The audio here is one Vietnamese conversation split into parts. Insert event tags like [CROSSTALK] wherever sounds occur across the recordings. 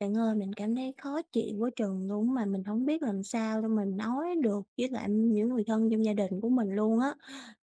Bạn ơi, mình cảm thấy khó chịu quá chừng luôn á, mà mình hổng biết làm sao để mà nói được với lại những người thân trong gia đình của mình luôn á,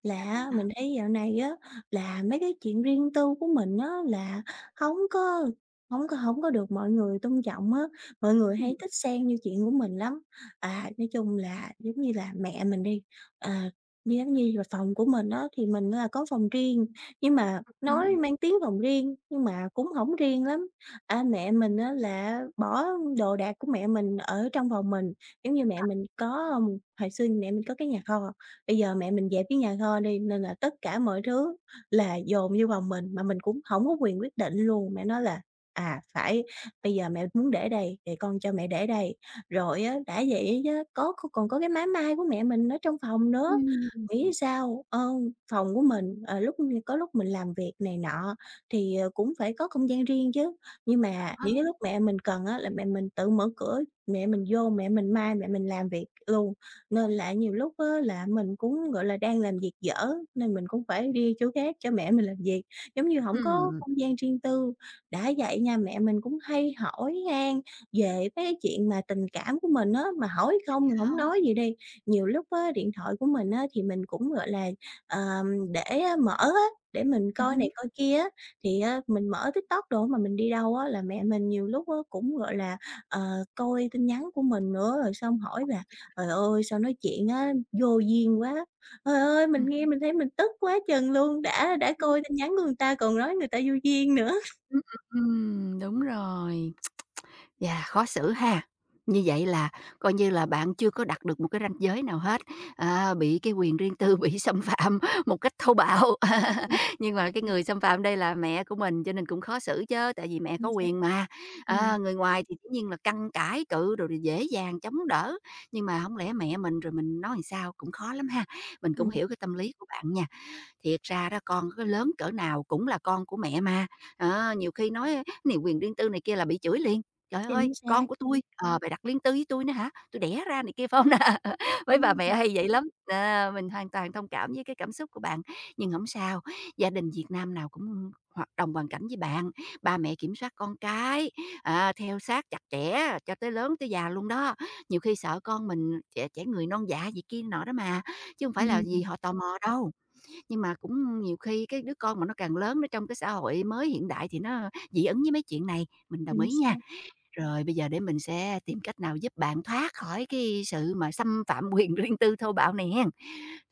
là Sao á, vậy? mình thấy dạo này á, là mấy cái chuyện riêng tư của mình á, là hổng có hổng có hổng có được mọi người tôn trọng á, mọi người Ừm. hay thích xen vô chuyện của mình lắm. À, nói chung là giống như là mẹ mình đi, à, như giống như là phòng của mình á, thì mình là có phòng riêng, nhưng mà Ừm nói hưm. mang tiếng phòng riêng nhưng mà cũng hổng riêng lắm. À, mẹ mình á, là bỏ đồ đạc của mẹ mình ở trong phòng mình, giống như mẹ Ờ. mình có, ờm, hồi xưa mẹ mình có cái nhà kho, bây giờ mẹ mình dẹp cái nhà kho đi nên là tất cả mọi thứ là dồn vô phòng mình, mà mình cũng hổng có quyền quyết định luôn, mẹ nói là "À, phải bây giờ mẹ muốn để đây, rồi con cho mẹ để đây." Rồi á, đã vậy á chớ, có còn có cái máy may của mẹ mình ở trong phòng nữa, Ừm, ừm. nghĩ sao, ờ, phòng của mình, ờ, lúc có lúc mình làm việc này nọ thì, ờ, cũng phải có không gian riêng chứ. Nhưng Cộc mà những hông? cái lúc mẹ mình cần á, là mẹ mình tự mở cửa, mẹ mình vô mẹ mình may, mẹ mình làm việc luôn, nên là nhiều lúc á, là mình cũng, gọi là, đang làm việc dở nên mình cũng phải đi chỗ khác cho mẹ mình làm việc, giống như hổng có Ừm. không gian riêng tư. Đã vậy nha mẹ mình cũng hay hỏi han về mấy chuyện mà tình cảm của mình á, mà hỏi [UNINTELLIGIBLE] không mình Sao hổng hông? nói gì đi, nhiều lúc á, điện thoại của mình á, thì mình cũng, gọi là, ờm, để mở á, để mình Ừm coi hứm. này coi kia á, thì á, mình mở TikTok đồ mà mình đi đâu á là mẹ mình nhiều lúc á, cũng, gọi là, ờ, coi tin nhắn của mình nữa, rồi xong hỏi Ờ, là vậy hả? "Trời ơi, sao nói chuyện á, vô duyên quá!" Trời ơi, mình Ừm. nghe mình thấy mình tức quá chừng luôn, đã đã Ừm. coi tin nhắn của người ta còn nói người ta vô duyên nữa. Ừm, ừm, ừm, đúng rồi, [TSK] và khó xử ha. Như vậy là coi như là bạn chưa có đặt được một cái ranh giới nào hết, à, bị cái quyền riêng tư bị xâm phạm một cách thô bạo. Ưm, ừm. [CHUCKLES] Nhưng mà cái người xâm phạm đây là mẹ của mình cho nên cũng khó xử chớ, tại vì mẹ có Chính xác. quyền mà, Ừm. à, người ngoài thì dĩ nhiên là căn cãi cự rồi đồ, dễ dàng chống đỡ, nhưng mà hổng lẽ mẹ mình rồi mình nói làm sao, cũng khó lắm ha, mình cũng Ừm. hiểu cái tâm lý của bạn nha. Thiệt ra đó, con có lớn cỡ nào cũng là con của mẹ mà, đó, nhiều khi nói á này quyền riêng tư này kia là bị chửi liền: "Trời ơi, Chính con xác. của tui, ờ, bày đặt riêng tư với tui nữa hả, tui đẻ ra này kia." Phải hông nà? Mấy bà Ừm. mẹ hay vậy lắm, nó, mình hoàn toàn thông cảm với cái cảm xúc của bạn. Nhưng hổng sao, gia đình Việt Nam nào cũng hoạt đồng hoàn cảnh với bạn, ba mẹ kiểm soát con cái, à, theo sát chặt chẽ cho tới lớn, tới già luôn đó, nhiều khi sợ con mình trẻ trẻ người non dạ gì kia nọ đó mà, chứ hông phải là Ưm, vì ừm. họ tò mò đâu. Nhưng mà cũng nhiều khi cái đứa con mà nó càng lớn, nó trong cái xã hội mới hiện đại thì nó dị ứng với mấy chuyện này, mình đồng Chính ý nha. xác. Rồi, bây giờ để mình sẽ tìm cách nào giúp bạn thoát khỏi cái sự mà xâm phạm quyền riêng tư thô bạo này hén.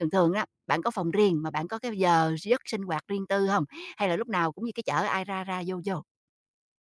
Thường thường á, bạn có phòng riêng mà bạn có cái giờ giấc sinh hoạt riêng tư hông, hay là lúc nào cũng như cái chợ ai ra ra vô vô?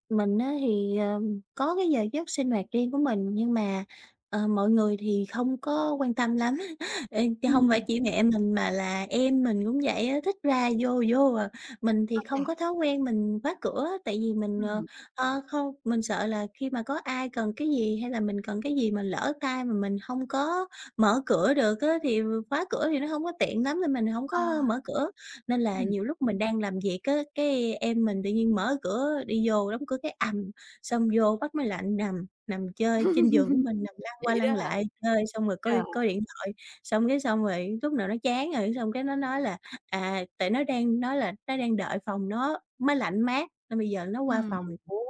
Mình á thì, ờ, có cái giờ giấc sinh hoạt riêng của mình nhưng mà, ờ, mọi người thì không có quan tâm lắm, [CHUCKLES] ê, chớ không phải Ừm. chỉ mẹ mình mà là em mình cũng vậy á, thích ra vô vô à. Mình thì Ô không chà. có thói quen mình khóa cửa tại vì mình, ờ, Ừm. ơ, không mình sợ là khi mà có ai cần cái gì hay là mình cần cái gì mà lỡ tay mà mình hông có mở cửa được á thì khóa cửa thì nó hông có tiện lắm nên mình hổng Ờ. có mở cửa. Nên là Ừm. nhiều lúc mình đang làm việc á, cái em mình tự nhiên mở cửa đi vô đóng cửa cái ầm, xong vô bắt máy lạnh nằm, nằm chơi trên giường của [LAUGHS] mình, nằm lăn qua Vậy đó lăn hả? lại chơi xong rồi coi Trời. coi điện thoại, xong cái xong rồi lúc nào nó chán rồi, xong cái nó nói là, à, tại nó đang nói là nó đang đợi phòng nó máy lạnh mát nên bây giờ nó qua Ừm, phòng ừm. của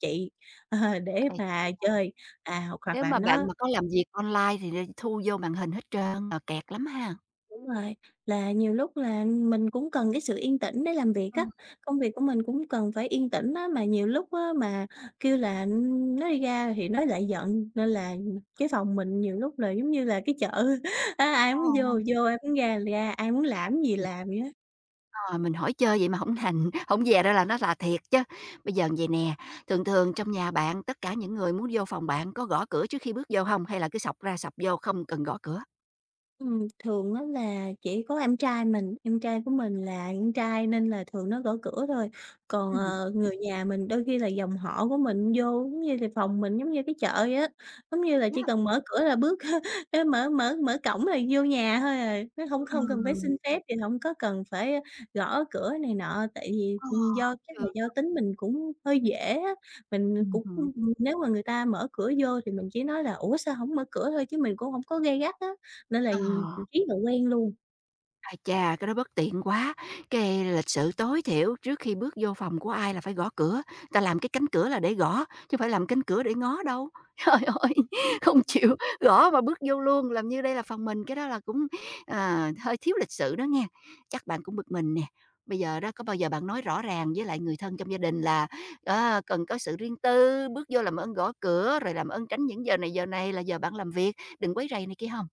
chị, ờ, để [UNINTELLIGIBLE] mà chơi. À, hoặc hoặc Nếu là mà bạn nó mà có làm việc online thì là thu vô màn hình hết trơn, mà kẹt lắm ha. Đúng rồi, là nhiều lúc là mình cũng cần cái sự yên tĩnh để làm việc á, Ừm. công việc của mình cũng cần phải yên tĩnh á, mà nhiều lúc á mà kêu là, ưm, nói đi ra thì nó lại giận nên là cái phòng mình nhiều lúc là giống như là cái chợ á ai Ờ, muốn vô ờ. vô, ai muốn ra thì ra, ai muốn Ây chà. làm cái gì làm vậy á. Ờ, mình hỏi chơi vậy mà hổng thành, hổng dè ra là nó rà thiệt chớ. Bây giờ vậy nè, thường thường trong nhà bạn, tất cả những người muốn vô phòng bạn có gõ cửa trước khi bước vô hông hay là cứ xộc ra xộc vô không cần gõ cửa? Ừm, thường á là chỉ có em trai mình, em trai của mình là con trai nên là thường nó gõ cửa thôi, còn, Ừm. ờ, người nhà mình đôi khi là dòng họ của mình vô, giống như là, phòng mình giống như cái chợ vậy á, giống như Cực là, chỉ nhá. cần mở cửa là bước [CHUCKLES] ê, mở mở mở cổng là vô nhà thôi à, nó hông hông cần phải Ừm. xin phép thì hổng có cần phải gõ cửa này nọ. Tại vì, À. ừm, do chắc là Hiểu. do tính mình cũng hơi dễ á, mình Ừm cũng hứm. [UNINTELLIGIBLE] nếu mà người ta mở cửa vô thì mình chỉ nói là "Ủa sao hổng mở cửa?" thôi chứ mình cũng hổng có gay gắt á, nên là, ừm, À. riết rồi quen luôn. Ai chà, cái đó bất tiện quá, cái lịch sự tối thiểu trước khi bước vô phòng của ai là phải gõ cửa, ta làm cái cánh cửa là để gõ, chứ phải làm cánh cửa để ngó đâu. Trời ơi, Ừm, không ưm. chịu gõ mà bước vô luôn, làm như đây là phòng mình, cái đó là cũng, ờ, hơi thiếu lịch sự đó nghe. Chắc bạn cũng bực mình nè, bây giờ đó có bao giờ bạn nói rõ ràng với lại người thân trong gia đình là, ờ, cần có sự riêng tư, bước vô làm ơn gõ cửa rồi làm ơn tránh những giờ này giờ này là giờ bạn làm việc, đừng quấy rầy này kia hông?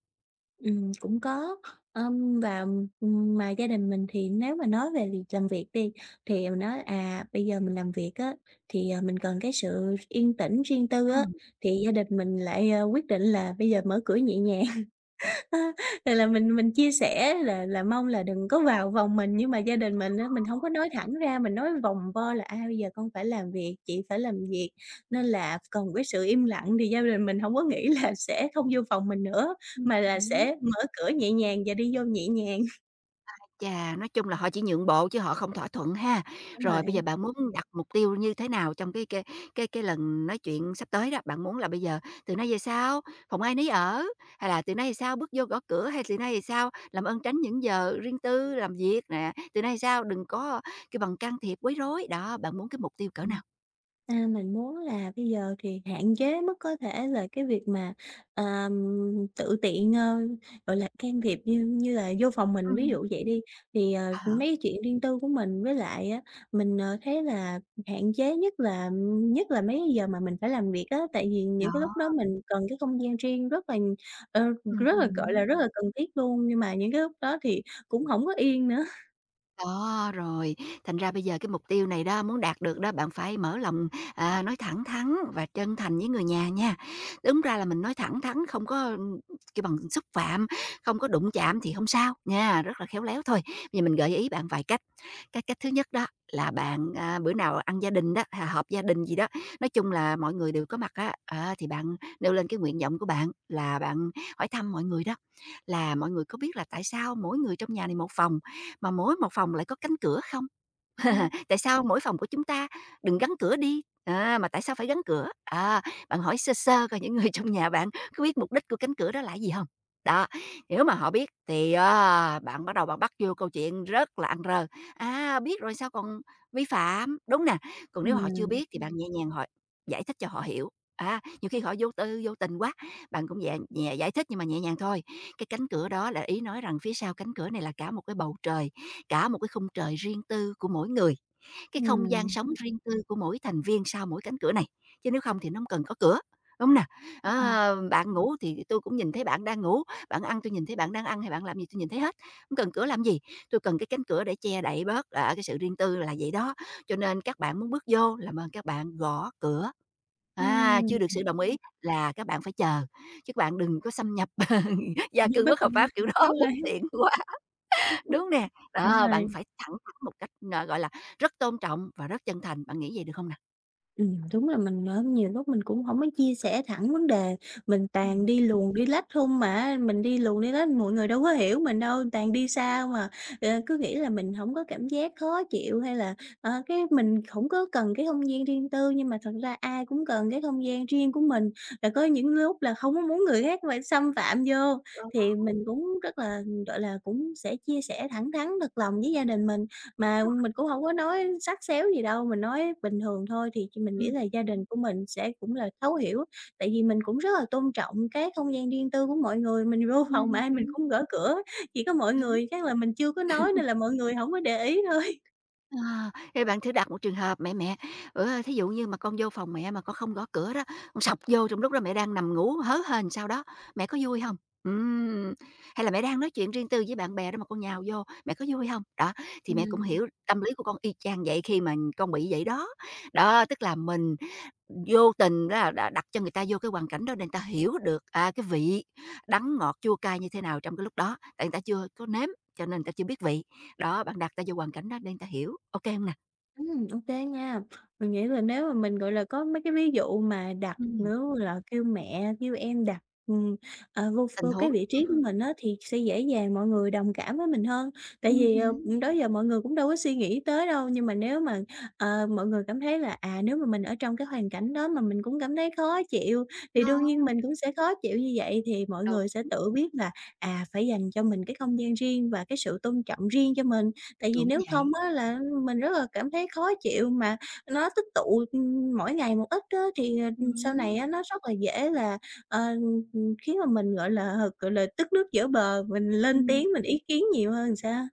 Ừm, cũng có. Ờm, và, ừm, mà gia đình mình thì nếu mà nói về việc làm việc đi thì mình nói, à, bây giờ mình làm việc á thì, ờ, mình cần cái sự yên tĩnh riêng tư á Ừm. thì gia đình mình lại, ơ, quyết định là bây giờ mở cửa nhẹ nhàng. [LAUGHS] ơ, thì là mình mình chia sẻ là là mong là đừng có vào vòng mình nhưng mà gia đình mình á mình hông có nói thẳng ra, mình nói vòng vo là "A, bây giờ con phải làm việc, chị phải làm việc nên là cần cái sự im lặng." Thì gia đình mình hông có nghĩ là sẽ không vô phòng mình nữa Ừm mà là hứm. sẽ mở cửa nhẹ nhàng và đi vô nhẹ nhàng. [CHUCKLES] Ái chà! Nói chung là họ chỉ nhượng bộ chứ họ không thỏa thuận ha. Đúng rồi Rồi bây giờ ấy. bạn muốn đặt mục tiêu như thế nào trong cái cái cái cái lần nói chuyện sắp tới đó, bạn muốn là bây giờ từ nay về sau phòng ai nấy ở, hay là từ nay thì sao bước vô gõ cửa, hay từ nay thì sao làm ơn tránh những giờ riêng tư, làm việc nè, từ nay về sao kêu bằng đừng có cái bằng can thiệp quấy rối, đó, bạn muốn cái mục tiêu cỡ Ừm, nào? à, mình muốn là bây giờ thì hạn chế mức có thể là cái việc mà, à, tự tiện, ơ, gọi là, can thiệp như như là vô phòng mình. Ví Ừm. dụ vậy đi thì, ờ, mấy Hả? cái chuyện riêng tư của mình với lại á, mình, ờ, thấy là hạn chế nhất là nhất là mấy cái giờ mà mình phải làm việc á, tại vì Đó! những cái lúc đó mình cần cái không gian riêng rất là, ờ, Ừm, rất là, ừm, gọi đúng. là, rất là cần thiết luôn, nhưng mà những cái lúc đó thì cũng hổng có yên nữa. [CHUCKLES] Đó, rồi, thành ra bây giờ cái mục tiêu này đó, muốn đạt được đó, bạn phải mở lòng, à, nói thẳng thắn và chân thành với người nhà nha. Đúng ra là mình nói thẳng thắn, không có, kêu bằng, xúc phạm, không có đụng chạm thì hông sao nha, rất là khéo léo thôi, bây giờ mình gợi ý bạn vài cách. Cái cách thứ nhất đó là bạn, à, bữa nào ăn gia đình đó, h họp gia đình gì đó, nói chung là mọi người đều có mặt á, á, thì bạn nêu lên cái nguyện vọng của bạn là bạn hỏi thăm mọi người đó, là "Mọi người có biết là tại sao mỗi người trong nhà này một phòng, mà mỗi một phòng lại có cánh cửa không? Ừm. [CHUCKLES] Tại sao mỗi phòng của chúng ta đừng gắn cửa đi, à, mà tại sao phải gắn cửa?" Á, bạn hỏi sơ sơ coi những người trong nhà bạn có biết mục đích của cánh cửa đó là gì hông. Đó, nếu mà họ biết thì, à, bạn bắt đầu bạn bắt vô câu chuyện rất là ăn rơ, a, biết rồi sao còn vi phạm, đúng nè? Còn nếu họ chưa Ừm. biết thì bạn nhẹ nhàng họ giải thích cho họ hiểu, á, nhiều khi họ vô tư vô tình quá, bạn cũng nhẹ nhẹ giải thích nhưng mà nhẹ nhàng thôi. Cái cánh cửa đó là ý nói rằng phía sau cánh cửa này là cả một cái bầu trời, cả một cái khung trời riêng tư của mỗi người, cái không gian Ừm. sống riêng tư của mỗi thành viên sau mỗi cánh cửa này, chứ nếu không thì nó hông cần có cửa, đúng hông nào? Ừm. Ờ, bạn ngủ thì tôi cũng nhìn thấy bạn đang ngủ, bạn ăn tôi nhìn thấy bạn đang ăn hay bạn làm cái gì, tôi nhìn thấy hết, hông cần cửa làm gì. Tôi cần cái cánh cửa để che đậy bớt, ờ, cái sự riêng tư là vậy đó. Cho nên các bạn muốn bước vô làm ơn các bạn gõ cửa. À, Ừm. chưa được sự đồng ý là các bạn phải chờ, chứ các bạn đừng có xâm nhập [CHUCKLES] Tự gia nhiên cư bắt bất cầu hợp qua, pháp kiểu đó đúng rồi bất ấy. tiện quá, đúng hông nè? Đúng Đó, bạn rồi. phải thẳng thắn một cách, ờ, gọi là, rất tôn trọng và rất chân thành, bạn nghĩ vậy được không nào? Ừm, đúng là mình mớm nhiều lúc mình cũng hổng có chia sẻ thẳng vấn đề, mình toàn Ừm. đi luồng đi lách không mà á mình đi luồng đi lách mọi người đâu có hiểu mình đâu, toàn đi xa không à, [UNINTELLIGIBLE] ờ, cứ nghĩ là mình hổng có cảm giác khó chịu hay là, ờ, cái mình hổng có cần cái không gian riêng tư nhưng mà thật ra ai cũng cần cái không gian riêng của mình và có những lúc là không có muốn người khác phải xâm phạm vô. Đó. Thì mình cũng rất là, gọi là, cũng sẽ chia sẻ thẳng thắn thật lòng với gia đình mình mà Rồi. mình cũng hổng có nói sắt xéo gì đâu, mình nói bình thường thôi thì ch mình nghĩ Ừm. là gia đình của mình sẽ cũng là thấu hiểu, tại vì mình cũng rất là tôn trọng các không gian riêng tư của mọi người, mình vô phòng mà Ừm ai mình hứm. cũng gỡ cửa, chỉ có mọi Đúng. người chắc là mình chưa có nói [CHUCKLES] nên là mọi người hổng có để ý thôi. À, thì bạn thử đặt một trường hợp: "Mẹ, mẹ, ủa thí dụ như mà con vô phòng mẹ mà con không gõ cửa đó, con xộc vô trong lúc đó mẹ đang nằm ngủ hớ hênh sao đó, mẹ có vui hông? Ừm, hay là mẹ đang nói chuyện riêng tư với bạn bè đó mà con nhào vô, mẹ có vui hông? Đó, thì mẹ cũng Ừm. hiểu tâm lý của con y chang vậy khi mà con bị vậy đó." Đó, tức là mình vô tình đó đã đặt cho người ta vô cái hoàn cảnh đó để người ta hiểu được, à, cái vị đắng ngọt, chua cay như thế nào trong cái lúc đó, tại người ta chưa có nếm cho nên người ta chưa biết vị. Đó, bạn đặt người ta vô hoàn cảnh đó để người ta hiểu, ô kê hông nè? Ừm, ô kê nha, mình nghĩ là nếu mà mình, gọi là, có mấy cái ví dụ mà đặt Ừm. nữa là kêu mẹ kêu em đặt, ừm, ờ, vô ph Tình vô huống, cái vị trí của ừm. mình á thì sẽ dễ dàng mọi người đồng cảm với mình hơn, tại Ừm vì, hứm. ừm, đó giờ mọi người cũng đâu có suy nghĩ tới đâu. Nhưng mà nếu mà, ờ, mọi người cảm thấy là, à, nếu mà mình ở trong cái hoàn cảnh đó mà mình cũng cảm thấy khó chịu thì Đó. đương nhiên mình cũng sẽ khó chịu như vậy thì mọi Đúng. người sẽ tự biết là, à, phải dành cho mình cái không gian riêng và cái sự tôn trọng riêng cho mình. Tại vì Đúng nếu không vậy. á là mình rất là cảm thấy khó chịu mà nó tích tụ, ừm, mỗi ngày một ít á Ừm thì sau hứm. này á nó rất là dễ là, ờ, ừm, ừm, khiến mà mình, gọi là, gọi là, tức nước vỡ bờ mình lên Ừm. tiếng mình ý kiến nhiều hơn sao?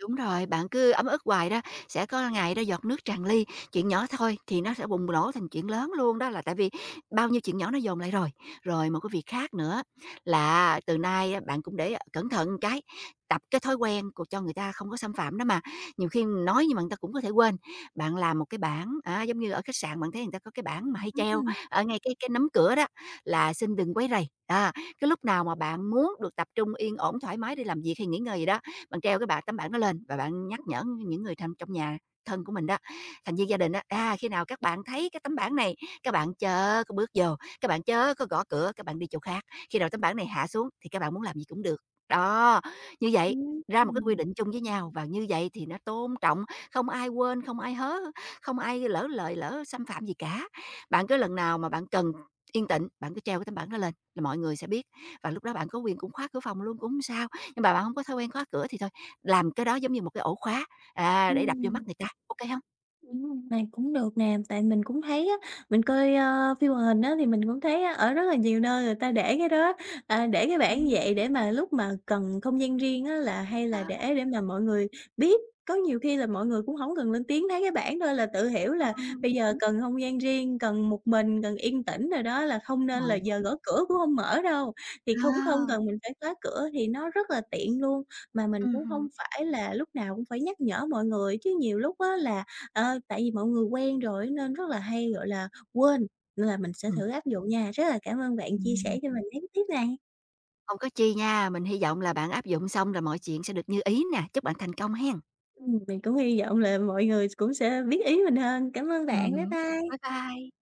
Đúng rồi, bạn cứ ấm ức hoài đó, sẽ có ngày đó giọt nước tràn ly chuyện nhỏ thôi thì nó sẽ bùng nổ thành chuyện lớn luôn đó là tại vì bao nhiêu chuyện nhỏ nó dồn lại rồi. Rồi một cái việc khác nữa là á từ nay bạn cũng để cẩn thận cái, tập cái thói quen c cho người ta không có xâm phạm đó mà, nhiều khi nói nhưng mà người ta cũng có thể quên. Bạn làm một cái bảng á giống như ở khách sạn bạn thấy người ta có cái bảng mà hay treo Ừm. ở ngay cái cái nắm cửa đó là "Xin đừng quấy rầy," đó, cái lúc nào mà bạn muốn được tập trung yên ổn thoải mái đi làm việc hay nghỉ ngơi gì đó, bạn treo cái bảng tấm bảng đó lên và bạn nhắc nhở những người thân trong nhà, thân của mình đó, thành viên gia đình á, à, khi nào các bạn thấy cái tấm bảng này, các bạn chớ có bước vô, các bạn chớ có gõ cửa các bạn đi chỗ khác, khi nào tấm bảng này hạ xuống thì các bạn muốn làm gì cũng được. Đó, như vậy Ừm, ra một cái quy ừm. định chung với nhau và như vậy thì nó tôn trọng, không ai quên, không ai hớ, không ai lỡ lời lỡ xâm phạm gì cả. Bạn cứ lần nào mà bạn cần yên tịnh, bạn cứ treo cái tấm bảng đó lên là mọi người sẽ biết, và lúc đó bạn có quyền cũng khóa cửa phòng luôn cũng hông sao. Nhưng mà bạn hông có thói quen khóa cửa thì thôi, làm cái đó giống như một cái ổ khóa, à, để đập vô mắt Ừm. người ta, ô kê hông? Ừm, này cũng được nè, tại mình cũng thấy á mình coi, ờ, phim hoạt hình á thì mình cũng thấy á ở rất là nhiều nơi người ta để cái đó, à, để cái bảng như Ừm. vậy để mà lúc mà cần không gian riêng á là hay Đó. là để để mà mọi người biết. Có nhiều khi là mọi người cũng hổng cần lên tiếng thấy cái bảng thôi là tự hiểu là Ừm. bây giờ Đúng. cần không gian riêng, cần một mình cần yên tĩnh rồi đó là không nên là giờ [UNINTELLIGIBLE] gõ cửa cũng hông mở đâu, thì cũng không Ờ. cần mình phải khóa cửa thì nó rất là tiện luôn. Mà mình Ừm cũng hưm. hông phải là lúc nào cũng phải nhắc nhở mọi người chứ nhiều lúc á là, ờ, tại vì mọi người quen rồi á nên rất là hay, gọi là, quên nên là mình sẽ Ừm. thử áp dụng nha. Rất là cảm ơn bạn chia sẻ Ừm. cho mình mấy cái tip này. Không có chi nha, mình hy vọng là bạn áp dụng xong là mọi chuyện sẽ được như ý nè, chúc bạn thành công hén. Ừm, mình cũng hy vọng là mọi người cũng sẽ biết ý mình hơn. Cảm ơn Ừm bạn. Bye hứm. bye. Bye bye.